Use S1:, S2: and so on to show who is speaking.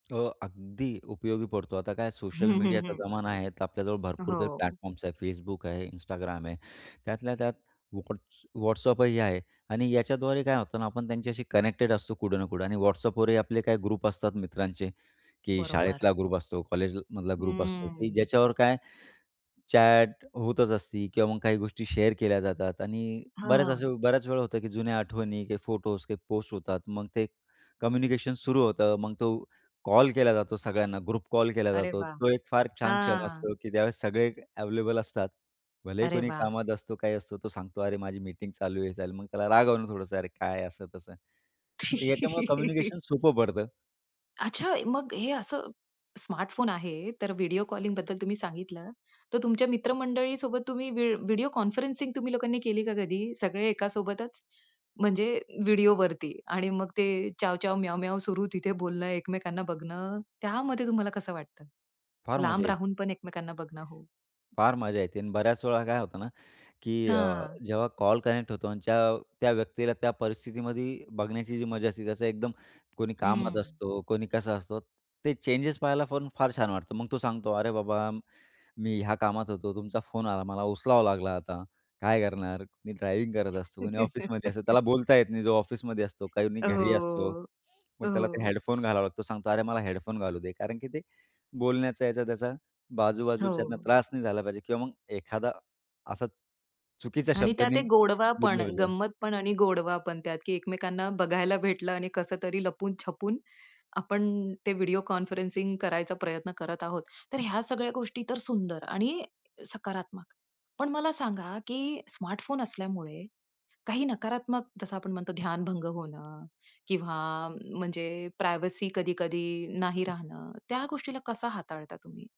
S1: हो, अगदी उपयोगी पडतं. आता काय
S2: हं,
S1: सोशल
S2: हं, हं,
S1: मीडियाचा
S2: हं.
S1: जमाना आहे, तर आपल्याजवळ भरपूर काही
S2: हो.
S1: प्लॅटफॉर्म्स आहेत. Facebook आहे, Instagram आहे, त्यातल्या त्यात Whats WhatsApp ही आहे. आणि याच्याद्वारे काय होतं ना, आपण त्यांच्याशी कनेक्टेड असतो कुठं ना कुठे. आणि WhatsAppवरही आपले काही ग्रुप असतात मित्रांचे की
S2: बरोबर.
S1: शाळेतला ग्रुप असतो, कॉलेजला मधला ग्रुप असतो की
S2: हं.
S1: ज्याच्यावर काय चॅट होतच असते किंवा मग काही गोष्टी शेअर केल्या जातात आणि बऱ्याच
S2: हां.
S1: अशा वेळा होतं की जुन्या आठवणी, काही फोटो काही पोस्ट होतात. मग ते कम्युनिकेशन सुरू होतं, मग तो कॉल केला जातो, सगळ्यांना ग्रुप कॉल केला
S2: अरे
S1: जातो.
S2: वाह!
S1: तो एक फार छान क्षण
S2: हां.
S1: असतो, की ज्यावेळेस सगळे अव्हेलेबल असतात, भलेही
S2: अरे
S1: कोणी
S2: वाह!
S1: कामात असतो, काही असतो, तो सांगतो, अरे माझी मीटिंग चालू आहे. चालेल, मग त्याला रागावून थोडंसं अरे, काय असं तसं. याच्यामुळे कम्युनिकेशन सोपं पडतं.
S2: अच्छा, मग हे असं स्मार्टफोन आहे, तर व्हिडिओ कॉलिंगबद्दल तुम्ही सांगितलं, तर तुमच्या मित्रमंडळीसोबत तुम्ही व्ही व्हिडिओ कॉन्फरन्सिंग तुम्ही लोकांनी केली का कधी? सगळे एकासोबतच, म्हणजे व्हिडिओवरती आणि मग ते चाव-चाव, म्याव-म्याव सुरू, तिथे बोलणं, एकमेकांना बघणं, त्यामध्ये तुम्हाला कसं वाटतं?
S1: फार मजा
S2: लांब
S1: ये
S2: राहून पण एकमेकांना बघणं हो.
S1: फार मजा येते आणि बऱ्याच वेळा काय होतं ना? की अ,
S2: हां.
S1: जेव्हा कॉल कनेक्ट होतो आणि च्या त्या व्यक्तीला, त्या परिस्थितीमध्ये बघण्याची जी मजा असते, जसं एकदम कोणी कामात
S2: हं.
S1: असतो, कोणी कसं असतं, ते चेंजेस पाहायला पण फार छान वाटतं. मग तो सांगतो, "अरे बाबा मी ह्या कामात होतो, तुमचा फोन आला, मला उचलावा लागला, आता काय करणार?" कुणी ड्रायव्हिंग करत असतो, कुणी ऑफिसमध्ये असतं, त्याला बोलता येत नाही. जो ऑफिसमध्ये असतो, कोणी घरी असतो,
S2: हो,
S1: मग त्याला ते
S2: हो.
S1: हेडफोन घालावा लागतो. सांगतो, "अरे, मला हेडफोन घालू दे" कारण की ते बोलण्याचा याचा त्याचा बाजूबाजूच्यांना
S2: हो.
S1: त्रास नाही झाला पाहिजे किंवा मग एखादा असा चुकीचा
S2: आणि
S1: शब्द
S2: त्यात
S1: नाही
S2: एक गोडवा
S1: निघाला
S2: पण,
S1: पाहिजे.
S2: गंमत पण आणि गोडवा पण त्यात की एकमेकांना बघायला भेटलं आणि कसं तरी लपून-छपून आपण ते व्हिडिओ कॉन्फरन्सिंग करायचा प्रयत्न करत आहोत. तर ह्या सगळ्या गोष्टी तर सुंदर आणि सकारात्मक. पण मला सांगा, की स्मार्टफोन असल्यामुळे, काही नकारात्मक जसं आपण म्हणतो ध्यानभंग होणं किंवा म्हणजे प्रायव्हसी कधी-कधी नाही राहणं, त्या गोष्टीला कसं हाताळता तुम्ही?